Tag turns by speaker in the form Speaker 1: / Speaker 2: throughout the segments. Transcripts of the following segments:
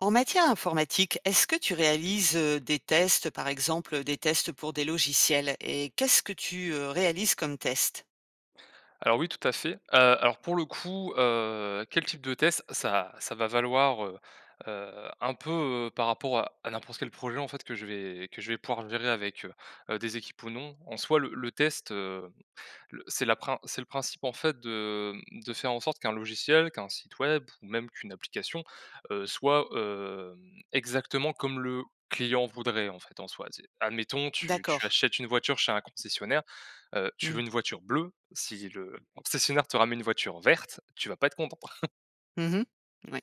Speaker 1: En matière informatique, est-ce que tu réalises, heu, des tests, par exemple, heu, des tests pour des logiciels et qu'est-ce que tu, heu, réalises comme test?
Speaker 2: Alors, oui, tout à fait, heu, alors, pour le coup, heu, quel type de test ça ça va valoir, heu, heu, un peu, heu, par rapport à à n'importe quel projet, en fait, que je vais que je vais pouvoir gérer avec, heu, heu, des équipes ou non? En soi, le le test, heu, le c'est la prin c'est le principe, en fait, de, mmh, de faire en sorte qu'un logiciel, qu'un site web ou même qu'une application, heu, soit, hem, exactement comme le client voudrait, en fait, en soi, tu sais? Admettons tu tu
Speaker 1: D'accord.
Speaker 2: achètes une voiture chez un concessionnaire, heu, tu veux
Speaker 1: Mmh.
Speaker 2: une voiture bleue. Si le concessionnaire te ramène une voiture verte, tu vas pas être contente.
Speaker 1: Mmh mh. Mouais.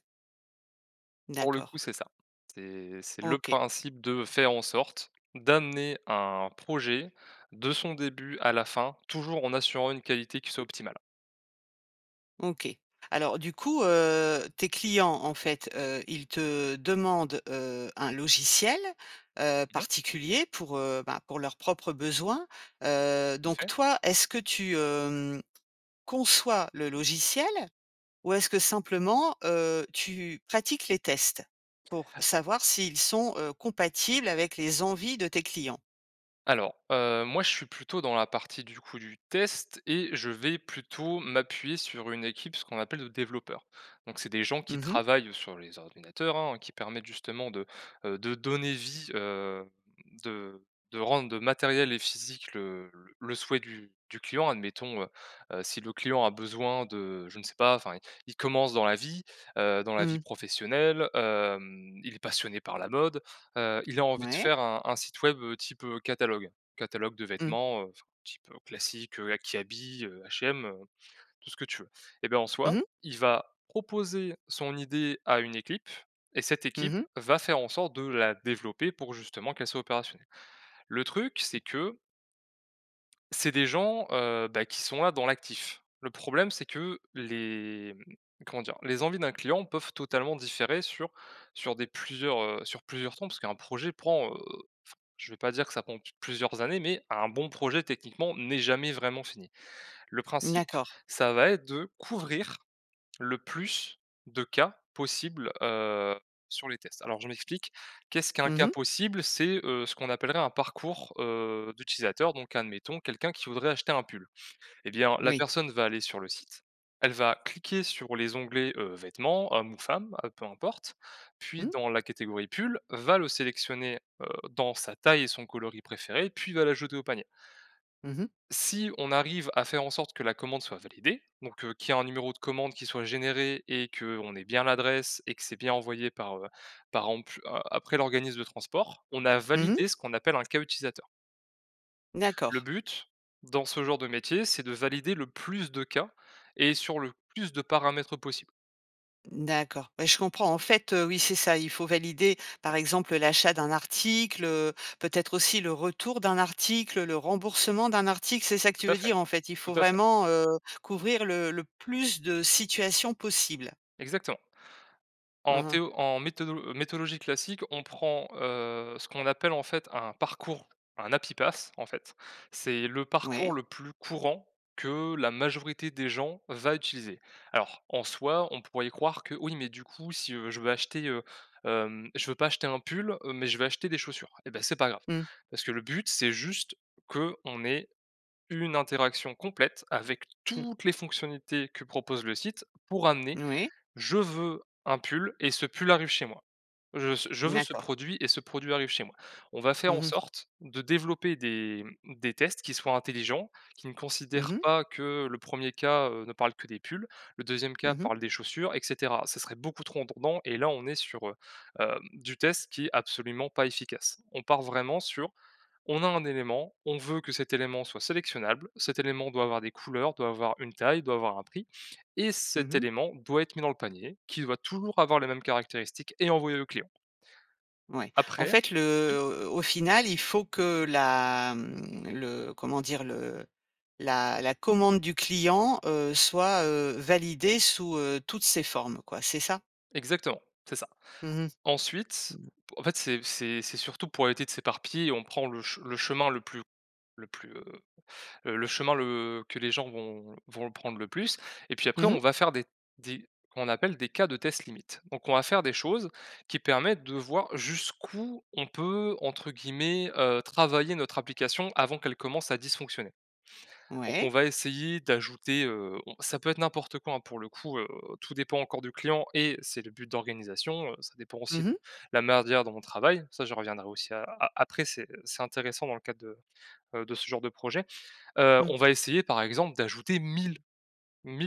Speaker 2: Pour le coup,
Speaker 1: D'accord.
Speaker 2: c'est ça, c'est c'est le
Speaker 1: OK.
Speaker 2: principe de faire en sorte d'amener un projet, de son début à la fin, toujours en assurant une qualité qui soit optimale.
Speaker 1: OK. Alors, du coup, heu, tes clients, en fait, heu, ils te demandent, heu, un logiciel, heu,
Speaker 2: Mmh mh.
Speaker 1: particulier pour, heu, bah, pour leurs propres besoins, heu,
Speaker 2: Le
Speaker 1: donc,
Speaker 2: faire?
Speaker 1: toi, est-ce que tu, hem, conçois le logiciel? Ou est-ce que, simplement, heu, tu pratiques les tests pour savoir s'ils sont, heu, compatibles avec les envies de tes clients?
Speaker 2: Alors, heu, moi je suis plutôt dans la partie du coup du test et je vais plutôt m'appuyer sur une équipe, ce qu'on appelle de développeurs. Donc c'est des gens qui
Speaker 1: Mmh mh.
Speaker 2: travaillent sur les ordinateurs, hein, qui permettent justement de, heu de donner vie, heu, de de rendre, heu, matériel et physique le le le souhait du du client. Admettons, heu, heu, si le client a besoin de, je ne sais pas. Enfin il il commence dans la vie, heu, dans la vie
Speaker 1: Mmh.
Speaker 2: professionnelle, hem, il est passionné par la mode. Heu, il a envie de
Speaker 1: Ouais.
Speaker 2: faire un un site web, heu, type, heu, catalogue. Catalogue de
Speaker 1: Mmh.
Speaker 2: vêtements, heu enfin un type, heu, classique, heu, a Kiabi, heu, H&M, heu, tout ce que tu veux et bah, en
Speaker 1: Mmh
Speaker 2: soi,
Speaker 1: mh.
Speaker 2: il va proposer son idée à une équipe et cette
Speaker 1: Mmh
Speaker 2: équipe
Speaker 1: mh.
Speaker 2: va faire en sorte de la développer, pour justement qu'elle soit opérationnelle. Le truc, c'est que c'est des gens, heu, bah, qui sont là dans l'actif. Le problème c'est que les, mmh, comment dire? Les envies d'un client peuvent totalement différer sur sur des plusieurs heu, sur plusieurs tons. Parce qu'un projet prend, heu, f je vais pas dire que ça prend p plusieurs années, mais un bon projet techniquement n'est jamais vraiment fini. Le
Speaker 1: N
Speaker 2: principe
Speaker 1: d'accord.
Speaker 2: ça va être de couvrir le plus de cas possibles, heu, sur les tests. Alors je m'explique, qu'est-ce qu'un
Speaker 1: Mmh
Speaker 2: cas
Speaker 1: mh.
Speaker 2: possible? C'est, heu, ce qu'on appellerait un parcours, heu, d'utilisateur, donc admettons quelqu'un qui voudrait acheter un pull et bien la
Speaker 1: Moui.
Speaker 2: personne va aller sur le site, elle va cliquer sur les onglets, heu, vêtements homme ou femme, heu, peu importe. Puis
Speaker 1: Mmh.
Speaker 2: dans la catégorie pull, va le sélectionner, heu, dans sa taille et son coloris préféré puis va l'ajouter au panier
Speaker 1: Mmh mh.
Speaker 2: si on arrive à faire en sorte que la commande soit validée, donc, heu, qu'il y a un numéro de commande qui soit généré et qu'on ait bien l'adresse et que c'est bien envoyé par, heu, par exemple, heu, après l'organisme de transport, on a
Speaker 1: Mmh mh.
Speaker 2: validé ce qu'on appelle un cas utilisateur. Le
Speaker 1: D'accord.
Speaker 2: but, dans ce genre de métier, c'est de valider le plus de cas et sur le plus de paramètres possible.
Speaker 1: D'accord, bah, je comprends, en fait, heu, oui, c'est ça, il faut valider, par exemple, l'achat d'un article, heu, peut-être aussi le retour d'un article, le remboursement d'un article, c'est ça que tu
Speaker 2: Tout à
Speaker 1: veux
Speaker 2: fait,
Speaker 1: dire? En fait, il
Speaker 2: tout
Speaker 1: faut
Speaker 2: à fait.
Speaker 1: vraiment, heu, couvrir le le plus de situations possibles.
Speaker 2: Exactement. En
Speaker 1: Mmh mh.
Speaker 2: théo en méthodolo méthodologie classique, on prend, heu, ce qu'on appelle, en fait, un parcours, un happy path en fait, c'est le parcours
Speaker 1: Ouais.
Speaker 2: le plus courant que la majorité des gens va utiliser. Alors, en soi, on pourrait y croire que, oui, mais, du coup, si, heu, je veux acheter, heu, hem, je veux pas acheter un pull, heu, mais je veux acheter des chaussures et bah, c'est pas grave,
Speaker 1: Mmh.
Speaker 2: parce que le but, c'est juste qu'on ait 1 interaction complète avec
Speaker 1: Mmh.
Speaker 2: toutes les fonctionnalités que propose le site, pour amener:
Speaker 1: Moui.
Speaker 2: «Je veux un pull» et ce pull arrive chez moi. Je veux ce je
Speaker 1: Mmh
Speaker 2: veux ce
Speaker 1: d'accord.
Speaker 2: produit et ce produit arrive chez moi. On va faire
Speaker 1: Mmh
Speaker 2: en
Speaker 1: mh.
Speaker 2: sorte de développer des, mmh, des tests qui soient intelligents, qui ne
Speaker 1: Mmh
Speaker 2: considèrent
Speaker 1: mh.
Speaker 2: pas que le 1er cas, heu, ne parle que des pulls, le 2e
Speaker 1: Mmh
Speaker 2: cas
Speaker 1: mh.
Speaker 2: parle des chaussures et cetera. Ça serait beaucoup trop redondant et là on est sur, heu, hem, du test qui est absolument pas efficace. On part vraiment sur, on a un élément, on veut que cet élément soit sélectionnable, cet élément doit avoir des couleurs, doit avoir une taille, doit avoir un prix et
Speaker 1: Mmh
Speaker 2: cet
Speaker 1: mh.
Speaker 2: élément doit être mis dans le panier, qui doit toujours avoir la même caractéristique et envoyer au client.
Speaker 1: Ouais. En
Speaker 2: Après
Speaker 1: fait, le
Speaker 2: oui?
Speaker 1: heu, au final, il faut que la, mmh, le comment dire? Le la la commande du client, heu, soit, heu, validée sous, heu, toutes ses formes, quoi, c'est ça?
Speaker 2: Exactement, c'est ça.
Speaker 1: Mmh mh.
Speaker 2: Ensuite,
Speaker 1: Mmh.
Speaker 2: en fait, c'est c'est c'est surtout pour éviter de s'éparpiller, on prend le che le chemin le plus le plus, heu heu, le chemin, le que les gens vont vont le prendre le plus et puis, après,
Speaker 1: Mmh
Speaker 2: on
Speaker 1: mh.
Speaker 2: va faire des des comme on appelle, des cas de test limite. Donc, on va faire des choses qui permettent de voir jusqu'où on peut, entre guillemets, heu, «travailler» notre application avant qu'elle commence à dysfonctionner. Donc, on
Speaker 1: Ouais.
Speaker 2: va essayer d'ajouter, heu, on ça peut être n'importe quoi, hein, pour le coup, heu, tout dépend encore du client et c'est le but d'organisation, heu, ça dépend aussi
Speaker 1: Mmh
Speaker 2: de
Speaker 1: mh.
Speaker 2: la manière dont on travaille, ça, j'y reviendrai aussi a a après, c'est, heu, c'est intéressant dans le cadre de, heu, de ce genre de projet, heu,
Speaker 1: Mmh.
Speaker 2: on va essayer, par exemple, d'ajouter 1 000-1 000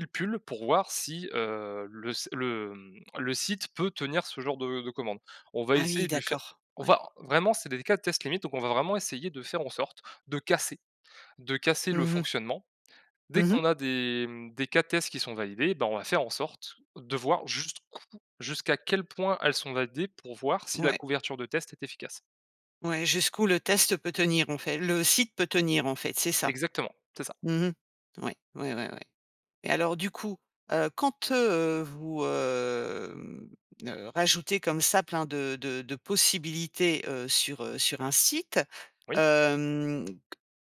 Speaker 2: pulls, pour voir si, heu, le s le, mmh, le site peut tenir ce genre de de commande. On va
Speaker 1: Ah oui,
Speaker 2: essayer de lui faire
Speaker 1: d'accord.
Speaker 2: on
Speaker 1: Ouais.
Speaker 2: va vraiment c'est des l cas de test limite donc, on va vraiment essayer de faire en sorte de casser de casser le
Speaker 1: Mmh mh.
Speaker 2: fonctionnement. Dès
Speaker 1: Mmh mh.
Speaker 2: qu'on a des, mmh, des cas de tests qui sont validés, ben, on va faire en sorte de voir jusqu'où jusqu'à quel point elles sont validées, pour voir si la
Speaker 1: Ouais.
Speaker 2: couverture de test est efficace.
Speaker 1: Ouais, jusqu'où le test peut tenir, en fai le site peut tenir, en fait, c'est ça?
Speaker 2: Exactement, c'est ça.
Speaker 1: Mmh mh. Ouais, ouais, ouais, ouais et alors, du coup, heu, quand, heu, vous, hem, ne rajoutez comme ça plein de de de possibilités, heu, sur, heu, sur un site,
Speaker 2: Oui.
Speaker 1: hem, c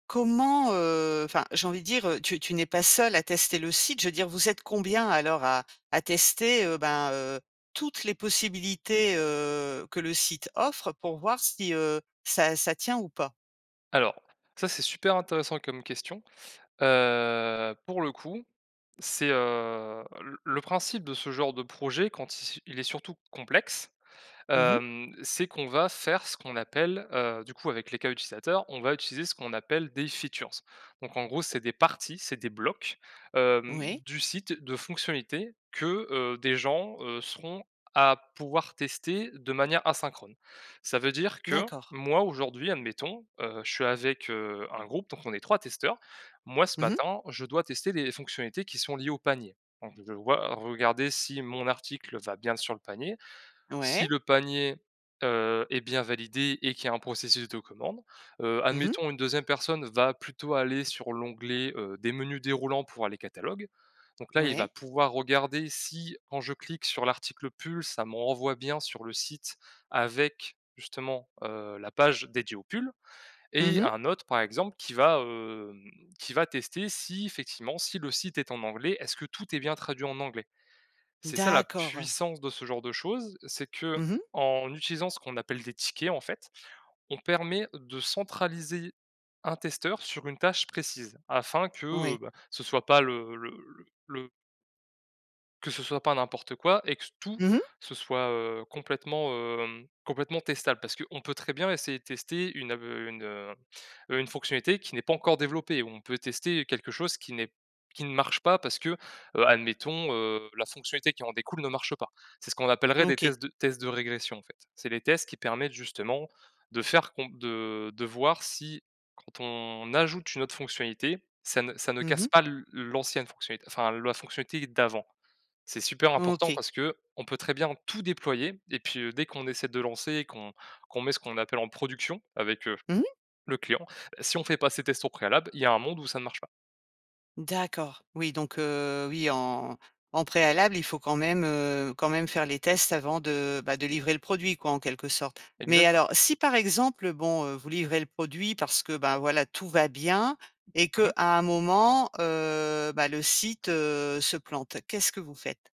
Speaker 1: comment, heu, enfin, j'ai envie de dire, heu, tu tu n'es pas seul à tester le site, je veux dire, vous êtes combien, alors, à à tester, heu, ben, heu, toutes les possibilités, heu, que le site offre, pour voir si, heu, ça ça tient ou pas?
Speaker 2: Alors, ça, c'est super intéressant comme question, heu, pour le coup, c'est, heu, le le principe de ce genre de projet quand il c il est surtout complexe,
Speaker 1: Mmh mh.
Speaker 2: hem, c'est qu'on va faire ce qu'on appelle, heu, du coup, avec les cas utilisateurs, on va utiliser ce qu'on appelle des features. Donc, en gros, c'est des parties, c'est des blocs, hem,
Speaker 1: Oui.
Speaker 2: du site, de fonctionnalités que, heu, des gens, heu, seront à pouvoir tester de manière asynchrone. Ça veut dire que,
Speaker 1: D'accord.
Speaker 2: moi, aujourd'hui admettons, heu, je suis avec, heu, un groupe, donc on est 3 testeurs. Moi, ce
Speaker 1: Mmh mh.
Speaker 2: matin, je dois tester les fonctionnalités qui sont liées au panier. Donc, je vais voi regarder si mon article va bien sur le panier, si
Speaker 1: Ouais.
Speaker 2: le panier, heu, est bien validé et qu'il y a un processus de commande, heu,
Speaker 1: Mmh mh.
Speaker 2: admettons, une 2e personne va plutôt aller sur l'onglet, heu, des menus déroulants pour aller catalogue. Donc, là, il va
Speaker 1: Ouais.
Speaker 2: pouvoir regarder si, quand je clique sur l'article «pull», ça me renvoie bien sur le site avec, justement, heu, la page dédiée aux pulls
Speaker 1: Mmh
Speaker 2: et
Speaker 1: mh.
Speaker 2: un autre, par exemple, qui va, hem, qui va tester si, effectivement, si le site est en anglais, est-ce que tout est bien traduit en anglais? C'est ça la
Speaker 1: D'accord.
Speaker 2: puissance de ce genre de choses, c'est
Speaker 1: Mmh mh.
Speaker 2: qu'en utilisant ce qu'on appelle des tickets, en fait, on permet de centraliser un testeur sur une tâche précise, afin que,
Speaker 1: Oui.
Speaker 2: bah, ce soit pas le le le le que ce soit pas n'importe quoi et que tout
Speaker 1: Mmh mh.
Speaker 2: ce soit, heu, complètement, hem, complètement testable, parce qu'on peut très bien essayer de tester une ave une, heu heu, une fonctionnalité qui n'est pas encore développée, ou on peut tester quelque chose qui n'est qui ne marche pas, parce que, heu, admettons, heu, la fonctionnalité qui en découle ne marche pas. C'est ce qu'on appellerait des
Speaker 1: OK.
Speaker 2: tests de tests de régression, en fait. C'est les tests qui permettent, justement, de faire com de de voir si, quand on ajoute une autre fonctionnalité, ça ne ça ne
Speaker 1: Mmh
Speaker 2: casse
Speaker 1: mh.
Speaker 2: pas l l'ancienne fonctionnalité, enfin, la fonctionnalité d'avant. C'est super important,
Speaker 1: OK.
Speaker 2: parce qu'on peut très bien tout déployer et puis, heu, dès qu'on essaie de lancer et qu'on qu'on met ce qu'on appelle «en production» avec, heu,
Speaker 1: Mmh mh.
Speaker 2: le client, si on fait pas ces tests au préalable, il y a un monde où ça marche pas.
Speaker 1: D'accord, oui donc heu, oui en en préalable il faut quand même, heu quand même faire les tests, avant de bah, de livrer le produit quoi en quelque sorte. Mais
Speaker 2: Exactement.
Speaker 1: alors si par exemple bon, heu, vous livrez le produit parce que, ben voilà tout va bien. Et
Speaker 2: Mmh
Speaker 1: qu'à
Speaker 2: mh.
Speaker 1: un moment, heu, bah, le site, heu, se plante, qu'est-ce que vous faites?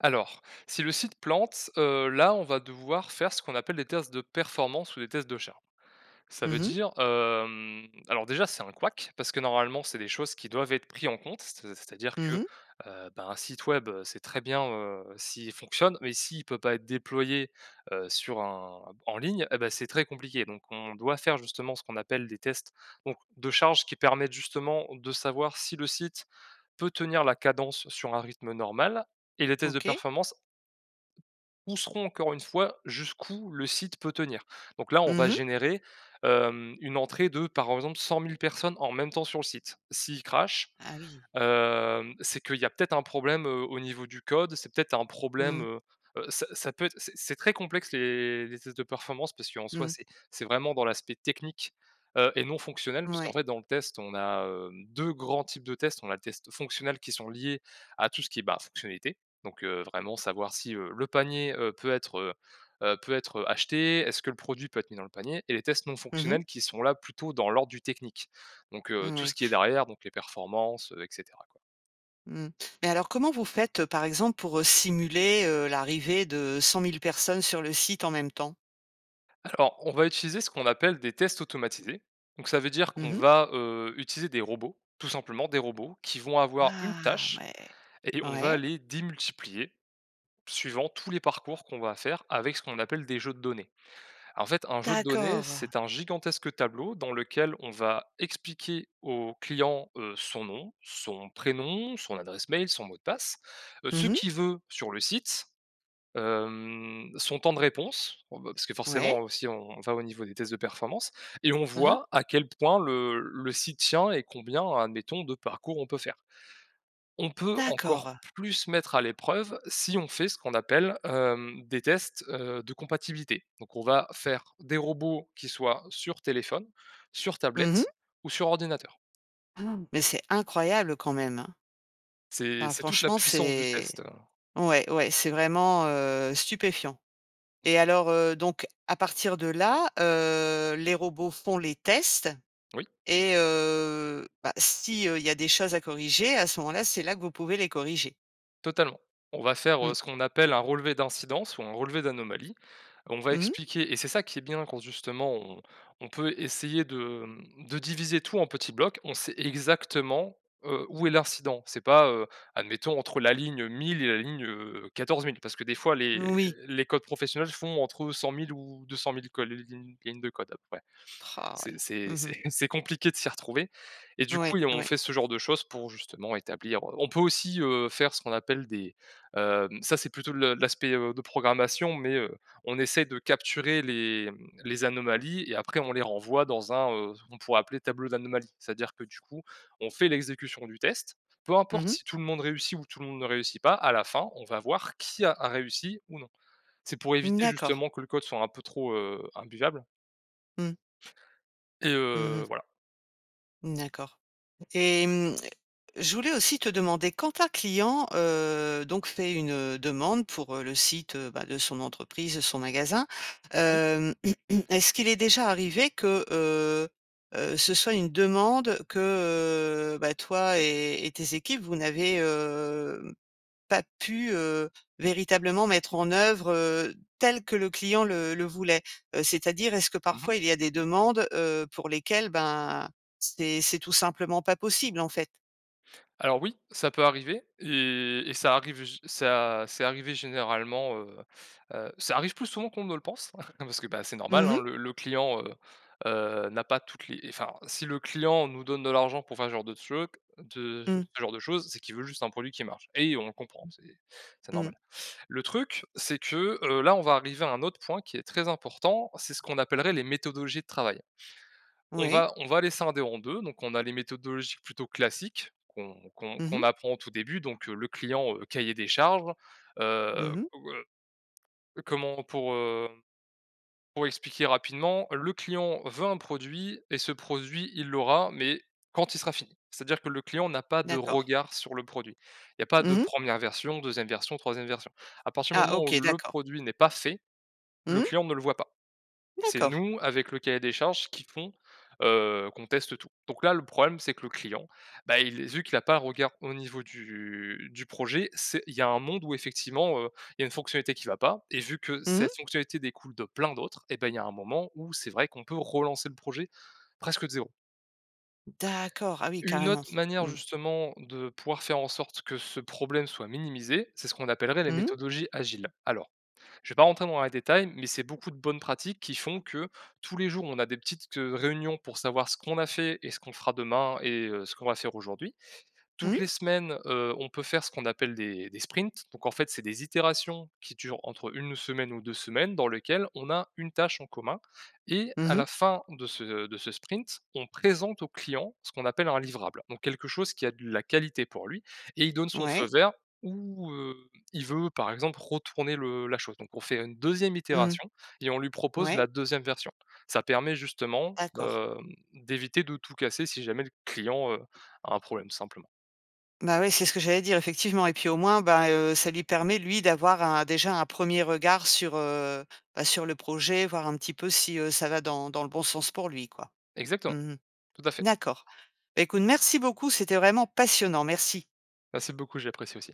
Speaker 2: Alors, si le site plante heu, là on va devoir faire ce qu'on appelle des tests de performance ou des tests de charge. Ça veut
Speaker 1: Mmh mh.
Speaker 2: dire, hem, alors déjà c'est un couac parce que normalement c'est des choses qui doivent être pris en compte c'est c'est-à-dire
Speaker 1: Mmh
Speaker 2: que,
Speaker 1: mh.
Speaker 2: heu, ben, un site web c'est très bien, heu, s'il fonctionne mais s'il peut pas être déployé, heu, sur un en ligne, et beh c'est très compliqué. Donc on doit faire justement ce qu'on appelle des tests donc de charge qui permettent justement de savoir, si le site peut tenir la cadence sur un rythme normal. Et les tests de
Speaker 1: OK.
Speaker 2: performance, où seront encore une fois jusqu'où le site peut tenir. Donc là on va
Speaker 1: Mmh mh.
Speaker 2: générer, hem, une entrée de par exemple 100 000 personnes en même temps sur le site. Si il crache,
Speaker 1: Ah oui.
Speaker 2: hem, c'est qu'il y a peut-être un problème, heu, au niveau du code. C'est peut-être un problème,
Speaker 1: Mmh.
Speaker 2: heu heu, ça ça peut être c'est c'est très complexe les les tests de performance. Parce qu'en soi,
Speaker 1: Mmh.
Speaker 2: c'est c'est vraiment dans l'aspect technique, heu, et non fonctionnel. Puisqu'en
Speaker 1: Mouais.
Speaker 2: fait dans le test, on a, hem, 2 grands types de tests, on a les tests fonctionnels, qui sont liés à tout ce qui est bah, fonctionnalités. Donc, heu, vraiment savoir si, heu, le panier, heu, peut être, heu heu, peut être, heu, acheté. Est-ce que le produit peut être mis dans le panier? Et les tests non
Speaker 1: Mmh mh.
Speaker 2: fonctionnels qui sont là plutôt dans l'ordre du technique. Donc, heu, tout
Speaker 1: Moui.
Speaker 2: ce qui est derrière, donc les performances, heu, et cetera, quoi.
Speaker 1: Mmh. Mais alors comment vous faites, heu, par exemple pour, heu, simuler, heu, l'arrivée de 100 000 personnes sur le site, en même temps?
Speaker 2: Alors, on va utiliser ce qu'on appelle des tests automatisés. Donc, ça veut dire
Speaker 1: Mmh
Speaker 2: qu'on
Speaker 1: mh.
Speaker 2: va, heu, utiliser des robots, tout simplement, des robots qui vont avoir une
Speaker 1: Ah,
Speaker 2: tâche
Speaker 1: ouais!
Speaker 2: et on va
Speaker 1: Ouais.
Speaker 2: les démultiplier, suivant tous les parcours qu'on va faire avec ce qu'on appelle des jeux de données. En fait, un jeu de données,
Speaker 1: D'accord.
Speaker 2: c'est un gigantesque tableau dans lequel on va expliquer au client, heu, son nom, son prénom, son adresse mail, son mot de passe, heu, ce
Speaker 1: Mmh mh.
Speaker 2: qu'il veut sur le site, hem, son temps de réponse. Bon, ben, parce que
Speaker 1: Ouais.
Speaker 2: forcément, heu, aussi on on va au niveau des tests de performance et on
Speaker 1: Mmh mh.
Speaker 2: voit à quel point le le site tient et combien, admettons, de parcours, on peut faire. On peut encore
Speaker 1: D'accord.
Speaker 2: plus mettre à l'épreuve, si on fait ce qu'on appelle, hem, des tests, heu, de compatibilité. Donc, on va faire des robots qui soient sur téléphone, sur
Speaker 1: Mmh
Speaker 2: tablette
Speaker 1: mh.
Speaker 2: ou sur ordinateur.
Speaker 1: Ah! Mais c'est incroyable quand même, hein!
Speaker 2: C'est
Speaker 1: Ah,
Speaker 2: c'est toute la
Speaker 1: franchement
Speaker 2: puissance du
Speaker 1: c'est
Speaker 2: test, heu
Speaker 1: ouais, ouais, c'est vraiment, heu, stupéfiant et alors, heu, donc, à partir de là, heu, les robots font les tests
Speaker 2: Oui.
Speaker 1: et heu, bah, si, heu, il y a des choses à corriger, à ce moment-là, c'est là que vous pouvez les corriger?
Speaker 2: Totalement, on va faire, heu,
Speaker 1: Mmh.
Speaker 2: ce qu'on appelle un relevé d'incidence ou un relevé d'anomalie, on va
Speaker 1: Mmh mh.
Speaker 2: expliquer et c'est ça qui est bien, quand justement, on on peut essayer de, mmh, de diviser tout en petits blocs, on sait exactement, heu, où est l'incident. C'est pas, heu, admettons entre la ligne 1000 et la ligne, heu, 14 000 parce que des fois les
Speaker 1: Moui.
Speaker 2: les codes professionnels font entre 100 000 ou 200 000 codes l lignes de code, à peu près.
Speaker 1: Rah, ouais.
Speaker 2: C'est c'est
Speaker 1: Mmh mh.
Speaker 2: c'est c'est compliqué de s'y retrouver et du coup
Speaker 1: Ouais,
Speaker 2: et on
Speaker 1: ouais.
Speaker 2: fait ce genre de choses pour justement établir, heu, on peut aussi, heu, faire ce qu'on appelle des, hem, ça c'est plutôt le l'aspect, heu, de programmation, mais, heu, on essaie de capturer les, hem, les anomalies et après on les renvoie dans un, heu, on pourrait appeler tableau d'anomalie. C'est-à-dire que, du coup, on fait l'exécution du test. Peu
Speaker 1: Mmh
Speaker 2: importe
Speaker 1: mh.
Speaker 2: si tout le monde réussit ou tout le monde ne réussit pas, à la fin on va voir qui a a réussi ou non. C'est pour
Speaker 1: Mmh,
Speaker 2: éviter
Speaker 1: d'accord.
Speaker 2: justement que le code soit un peu trop, heu, imbuvable
Speaker 1: Mmh.
Speaker 2: et
Speaker 1: Mmh mh.
Speaker 2: heu, voilà.
Speaker 1: Mmh, d'accord et hem, je voulais aussi te demander, quand un client, heu, donc fait une demande pour, heu, le site, bah, de son entreprise, son magasin,
Speaker 2: Oui.
Speaker 1: hem, est-ce qu'il est déjà arrivé que, heu heu, ce soit une demande que, heu, bah toi et et tes équipes, vous n'avez, hem, pas pu, heu, véritablement mettre en œuvre, heu, tel que le client le le voulait? C'est-à-dire, est-ce que
Speaker 2: Mmh mh.
Speaker 1: parfois il y a des demandes, heu, pour lesquelles, ben, c'est c'est tout simplement pas possible, en fait?
Speaker 2: Alors oui, ça peut arriver et et ça arrive gé ça c'est arrivé généralement, heu heu, ça arrive plus souvent qu'on ne le pense, hein. Non, parce que, bah, c'est normal,
Speaker 1: Mmh
Speaker 2: hein,
Speaker 1: mh.
Speaker 2: le le client, heu heu, n'a pas toutes les enfin, si le client nous donne de l'argent pour faire ce genre de truc, de je
Speaker 1: Mmh.
Speaker 2: ce genre de choses, c'est qu'il veut juste un produit qui marche et on comprend, c'est c'est
Speaker 1: Mmh.
Speaker 2: normal. Le truc c'est que, heu, là, on va arriver à un autre point qui est très important, c'est ce qu'on appellerait les méthodologies de travail. On
Speaker 1: Oui.
Speaker 2: va on va les scinder en 2, donc on a les méthodologies plutôt classiques, qu'on qu'on
Speaker 1: Mmh mh.
Speaker 2: qu'on apprend au tout début, donc, heu, le client, heu, cahier des charges,
Speaker 1: Mmh
Speaker 2: heu,
Speaker 1: mh.
Speaker 2: ou, heu, comment pour, hem, pour expliquer rapidement, le client veut un produit et ce produit, il l'aura, mais quand il sera fini. C'est-à-dire que le client n'a pas de
Speaker 1: D'accord.
Speaker 2: regard sur le produit. Il y a pas de
Speaker 1: Mmh mh.
Speaker 2: 1re version, 2e version, 3e version. À partir du
Speaker 1: Ah!
Speaker 2: moment où
Speaker 1: OK,
Speaker 2: le
Speaker 1: d'accord.
Speaker 2: produit n'est pas fait,
Speaker 1: Mmh
Speaker 2: le
Speaker 1: mh.
Speaker 2: client ne le voit pas. C'est
Speaker 1: D'accord.
Speaker 2: nous, avec le cahier des charges, qui font, heu, qu'on teste tout. Donc là, le problème c'est que le client, bah, il est vu qu'il a pas regard au niveau du du projet, c'est il y a un monde où effectivement, heu, il y a une fonctionnalité qui va pas et vu que
Speaker 1: Mmh mh.
Speaker 2: cette fonctionnalité découle de plein d'autres, eh beh, il y a un moment où c'est vrai qu'on peut relancer le projet presque de 0.
Speaker 1: D'accord. Ah oui,
Speaker 2: Une
Speaker 1: carrément,
Speaker 2: autre manière,
Speaker 1: mmh.
Speaker 2: justement, de pouvoir faire en sorte que ce problème soit minimisé, c'est ce qu'on appellerait les
Speaker 1: Mmh mh.
Speaker 2: méthodologies agiles. Alors, je vais pas rentrer dans les détails, mais c'est beaucoup de bonnes pratiques qui font que, tous les jours, on a des petites q heu, réunions pour savoir ce qu'on a fait et ce qu'on fera demain et heu, ce qu'on va faire aujourd'hui.
Speaker 1: Mmh
Speaker 2: Toutes
Speaker 1: mh.
Speaker 2: les semaines, heu, on peut faire ce qu'on appelle des des sprints. Donc, en fait, c'est des itérations qui durent entre 1 semaine ou 2 semaines, dans lesquelles on a une tâche en commun et
Speaker 1: Mmh
Speaker 2: à
Speaker 1: mh.
Speaker 2: la fin de ce de ce sprint, on présente au client ce qu'on appelle un livrable. Donc, quelque chose qui a de la qualité pour lui et il donne son feu
Speaker 1: Ouais.
Speaker 2: vert ou, heu, il veut, par exemple, retourner le la chose. Donc, on fait une 2e
Speaker 1: Mmh,
Speaker 2: itération et on lui propose
Speaker 1: ouais.
Speaker 2: la 2e version. Ça permet, justement,
Speaker 1: D'accord.
Speaker 2: hem, d'éviter de tout casser si jamais le client, heu, a un problème simplement.
Speaker 1: Bah ouais, c'est ce que j'allais dire, effectivement et puis, au moins, bah, heu, ça lui permet, lui, d'avoir un déjà un 1er regard sur, heu, bah, sur le projet, voir un petit peu si, heu, ça va dans dans le bon sens pour lui, quoi. Mmh
Speaker 2: Exactement,
Speaker 1: mh.
Speaker 2: tout à fait.
Speaker 1: D'accord, écoute, merci beaucoup, c'était vraiment passionnant, merci.
Speaker 2: Merci beaucoup, j'ai apprécié aussi.